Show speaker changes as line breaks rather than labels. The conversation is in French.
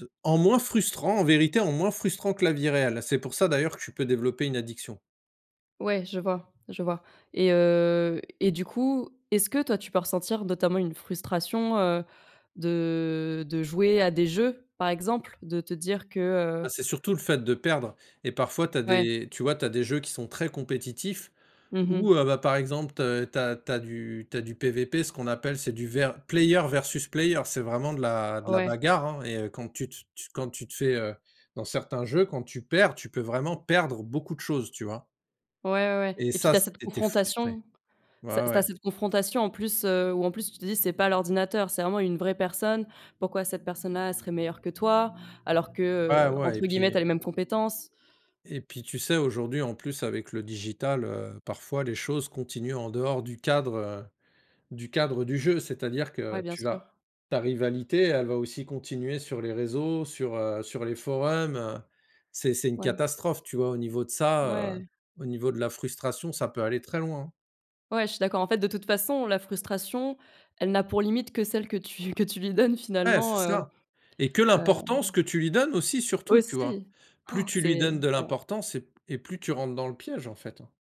Heu, en moins frustrant, en vérité, en moins frustrant que la vie réelle. C'est pour ça, d'ailleurs, que tu peux développer une addiction.
Ouais, je vois, je vois et heu et du coup, est-ce que toi, tu peux ressentir, notamment, une frustration, heu, de de jouer à des jeux, par exemple? De te dire que heu
Ah, c'est surtout le fait de perdre et parfois tu as
Ouais.
des tu vois, tu as des jeux qui sont très compétitifs
Mmh
ou
mh.
heu, bah, par exemple, te tu as tu as du tu as du PVP, ce qu'on appelle, c'est du vers player versus player, c'est vraiment de la de la
Ouais.
bagarre, hein et heu, quand tu tu tu quand tu te fais, heu, dans certains jeux, quand tu perds, tu peux vraiment perdre beaucoup de choses, tu vois?
Ouais, ouais, ouais
Et
et puis,
ça,
tu as cette
c'est tu es frustré.
confrontation.
Ouais,
Ça,
ouais,
c tu as
ouais.
cette confrontation, en plus, heu, où, en plus, tu te dis: «C'est pas l'ordinateur, c'est vraiment une vraie personne». Pourquoi cette personne-là, elle serait meilleure que toi? Alors que,
Ouais,
heu,
ouais et
entre guillemets, «tu
puis
as les mêmes compétences».
et puis, tu sais, aujourd'hui, en plus, avec le digital, heu, parfois les choses continuent en dehors du cadre, heu, du cadre du jeu. C'est-à-dire
Ouais,
que
bien
tu vas
sûr.
ta rivalité, elle va aussi continuer sur les réseaux, sur, heu, sur les forums, heu. C'est c'est une
Ouais.
catastrophe, tu vois? Au niveau de ça, heu,
Ouais.
au niveau de la frustration, ça peut aller très loin, hein.
Ouais, je suis d'accord. En fait, de toute façon, la frustration, elle n'a pour limite que celle que tu lui que tu lui donnes,
Ouais, c'est
finalement, heu,
ça et que
hem
l'importance que tu lui donnes aussi, surtout, tu vois?
aussi.
Plus tu lui
c'est
donnes de
ouais.
l'importance et p et plus tu rentres dans le piège, en fait, hein.